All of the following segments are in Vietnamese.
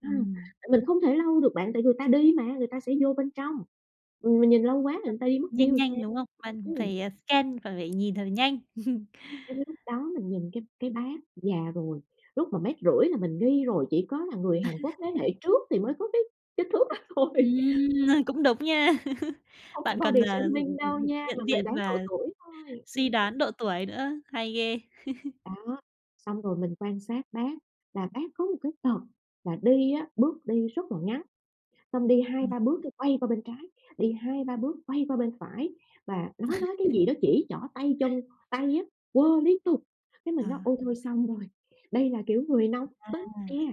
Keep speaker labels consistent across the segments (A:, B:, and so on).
A: Ừm,
B: Ừm.
A: tại mình không thể lâu được bạn, tại người ta đi mà, người ta sẽ vô bên trong. Ừm, mình nhìn lâu quá rồi
B: [unintelligible]
A: người ta đi mất tiêu
B: Nhanh
A: rồi sao?
B: nhanh, đúng không? Bạn
A: Ừm.
B: phải, ờ, scan và phải nhìn thật là nhanh.
A: Cái lúc đó mình nhìn cái cái bác già rồi, lúc mà 1,5 mét là mình nghi rồi, chỉ có là người Hàn Quốc thế hệ trước thì mới có cái kích thước đó thôi.
B: Ừm, à, cũng đúng nha.
A: Không phải
B: Bạn còn,
A: body
B: à, ừm,
A: shaming
B: ừm,
A: đâu
B: ừm,
A: nha, mà
B: nhận
A: mình
B: diện
A: đoán độ
B: và
A: tuổi thôi, ừm.
B: suy đoán độ tuổi nữa, hay ghê.
A: Đó, xong rồi mình quan sát bác là bác có một cái tật là đi á, bước đi rất là ngắn, xong đi 2-3
B: [unintelligible]
A: bước cái quay qua bên trái, đi 2-3 bước quay qua bên phải mà nói nói cái gì đó, chỉ trỏ tay chân, tay á, quơ liên tục. Cái mình nói:
B: À.
A: "Ôi thôi xong rồi, đây là kiểu người nóng
B: À!
A: tính nè!"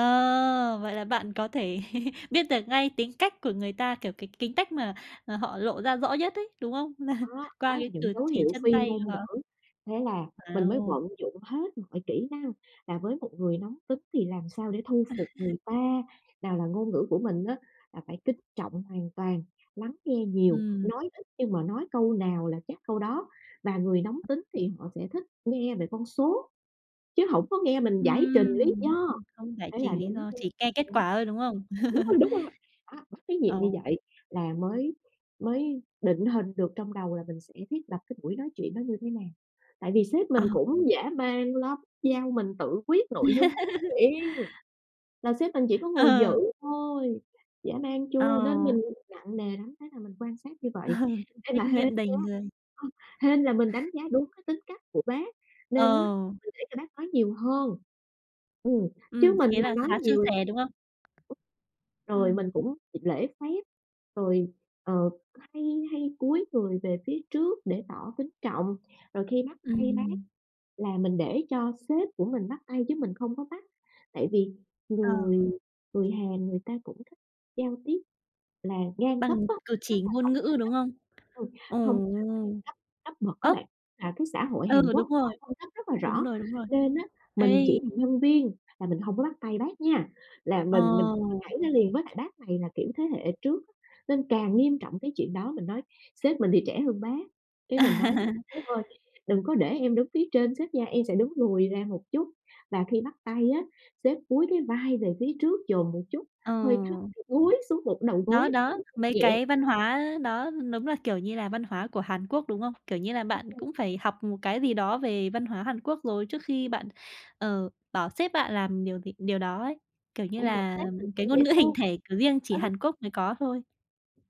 B: Ờ, vậy là bạn có thể biết được ngay tính cách của người ta, kiểu, cái kính cách mà, ờ, họ lộ ra rõ nhất ấy, đúng không?
A: Đó, đó
B: Qua
A: là
B: cái
A: những
B: cử
A: dấu
B: chỉ
A: hiệu
B: chân
A: phi
B: tay
A: ngôn
B: của họ.
A: ngữ. Thế là mình mới
B: Wow!
A: vận dụng hết mọi kỹ năng là với một người nóng tính thì làm sao để thu phục người ta, nào là ngôn ngữ của mình á là phải kính trọng hoàn toàn, lắng nghe nhiều,
B: Ừm.
A: nói ít nhưng mà nói câu nào là chắc câu đó. Và người nóng tính thì họ sẽ thích nghe về con số chứ hổng có nghe mình giải trình lý
B: Ừm,
A: do,
B: không giải
A: ấy là
B: trình lý
A: đúng
B: do,
A: [unintelligible]
B: chỉ care kết
A: đúng
B: quả thôi, đúng không?
A: rồi, đúng rồi, đó, bắt cái nhịp như
B: Ồ.
A: vậy là mới mới định hình được trong đầu là mình sẽ thiết lập cái buổi nói chuyện nó như thế nào. Tại vì sếp mình
B: À.
A: cũng dã man lắm, giao mình tự quyết nội dung nói chuyện! Là sếp mình chỉ có ngồi dự
B: Ờ.
A: thôi, dã man chưa? Nên
B: Ồ.
A: mình nặng nề lắm, thế là mình quan sát như
B: Ờ,
A: vậy. Ê, mà
B: trách
A: hên
B: nhiệm đầy
A: nha,
B: người.
A: ờ, hên là mình đánh giá đúng cái tính cách của bác
B: Ờ.
A: nên á mình để cho bác nói nhiều hơn, ừm, chứ
B: Ừm,
A: mình
B: thế
A: mà
B: là
A: nói
B: khá suôn
A: nhiều
B: sẻ, đúng không?
A: [unintelligible] rồi
B: Ừm.
A: mình cũng gi lễ phép, rồi, ờ, hay hay cúi người về phía trước để tỏ kính trọng, rồi khi bắt
B: Ừm,
A: tay bác
B: ừm.
A: là mình để cho sếp của mình bắt tay chứ mình không có bắt. Tại vì người
B: Ờ.
A: người Hàn người ta cũng thích giao tiếp là ngang cấp
B: Bằng
A: á,
B: cử
A: tức
B: chỉ
A: là
B: ngôn
A: tổng giám
B: ngữ, đúng
A: đốc
B: không?
A: ừm,
B: Ồ.
A: hông [unintelligible] cấp cấp bậc á
B: Ơ!
A: bạn, à, cái xã hội
B: Ừ,
A: Hàn Quốc
B: đúng rồi.
A: họ phân cấp rất là
B: Đúng
A: rõ,
B: rồi, đúng rồi.
A: nên á mình
B: Ây.
A: chỉ là nhân viên là mình hông có bắt tay bác nha, là mình
B: Ờ.
A: mình mình mình nhảy ra liền. Với lại bác này là kiểu thế hệ trước á nên càng nghiêm trọng cái chuyện đó. Mình nói sếp mình thì trẻ hơn bác, cái mình nói:
B: À.
A: "Sếp ơi, đừng có để em đứng phía trên sếp nha. Em sẽ đứng lùi ra một chút và khi bắt tay á, sếp cúi cái vai về phía trước, dồn một chút
B: Ờ.
A: hơi thấp kiểu cúi xuống một đầu
B: Đó,
A: gối
B: đó,
A: [unintelligible]
B: mấy
A: nhẹ."
B: cái văn hóa đó đúng là, kiểu như là, văn hóa của Hàn Quốc, đúng không? Kiểu như là, bạn
A: [unintelligible]
B: cũng phải học một cái gì đó về văn hóa Hàn Quốc rồi trước khi bạn, ờ, bảo sếp bạn làm điều gì điều đó ấy, kiểu như
A: Ê, mà
B: là,
A: sếp mình cũng
B: cái
A: dễ
B: ngôn ngữ hình
A: thương á,
B: thể, kiểu, riêng chỉ
A: á.
B: Hàn Quốc mới có thôi.